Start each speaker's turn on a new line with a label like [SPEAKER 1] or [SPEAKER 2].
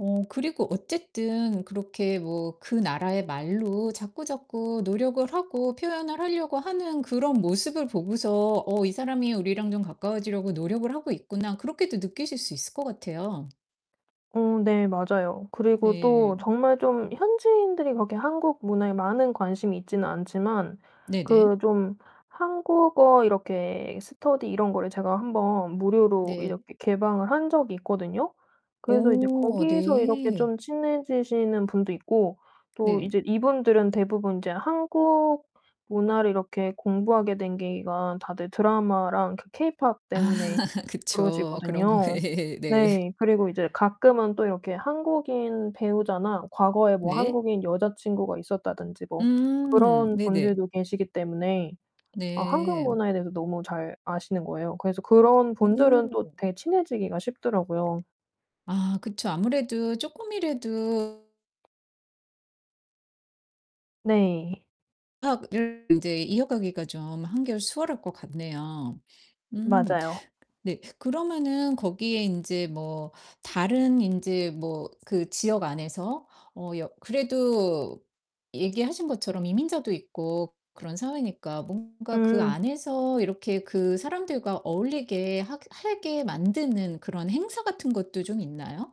[SPEAKER 1] 어 그리고 어쨌든 그렇게 뭐 그 나라의 말로 자꾸자꾸 노력을 하고 표현을 하려고 하는 그런 모습을 보고서 '어 이 사람이 우리랑 좀 가까워지려고 노력을 하고 있구나.' 그렇게도 느끼실 수 있을 것 같아요.
[SPEAKER 2] 어. 네. 맞아요. 그리고 또
[SPEAKER 1] 네.
[SPEAKER 2] 정말 좀 현지인들이 그렇게 한국 문화에 많은 관심이 있지는 않지만
[SPEAKER 1] 네네.
[SPEAKER 2] 그 좀 한국어 이렇게 스터디 이런 거를 제가 1 번 무료로
[SPEAKER 1] 네.
[SPEAKER 2] 이렇게 개방을 한 적이 있거든요. 그래서 이제
[SPEAKER 1] 어
[SPEAKER 2] 거기서 이렇게
[SPEAKER 1] 네.
[SPEAKER 2] 좀 친해지시는 분도 있고 또
[SPEAKER 1] 네.
[SPEAKER 2] 이제 이분들은 대부분 인제 한국 문화를 이렇게 공부하게 된 계기가 다들 드라마랑 케 케이팝
[SPEAKER 1] 아
[SPEAKER 2] 때문에
[SPEAKER 1] 그쵸. 그런 거.
[SPEAKER 2] 그러시거든요.
[SPEAKER 1] 네.
[SPEAKER 2] 네. 그리고 이제 가끔은 또 이렇게 한국인 배우자나 과거에 뭐
[SPEAKER 1] 네.
[SPEAKER 2] 한국인 여자 친구가 있었다든지 뭐
[SPEAKER 1] 음
[SPEAKER 2] 그런
[SPEAKER 1] 네네.
[SPEAKER 2] 분들도 계시기 때문에 아 한국
[SPEAKER 1] 네.
[SPEAKER 2] 문화에 대해서 너무 잘 아시는 거예요. 그래서 그런 분들은 또
[SPEAKER 1] 오.
[SPEAKER 2] 되게 친해지기가 쉽더라고요.
[SPEAKER 1] 아. 그쵸. 아무래도 쪼끔이라도
[SPEAKER 2] 네.
[SPEAKER 1] 학 [unintelligible] 인제 이어가기가 좀 한결 수월할 것 같네요. 음.
[SPEAKER 2] 맞아요.
[SPEAKER 1] 네. 그러면은 거기에 인제 뭐 다른 인제 뭐 그 지역 안에서 어 여 그래도 얘기하신 것처럼 이민자도 있고 그런 사회니까 뭔가 그
[SPEAKER 2] 음.
[SPEAKER 1] 안에서 이렇게 그 사람들과 어울리게 하게 해게 만드는 그런 행사 같은 것도 좀 있나요?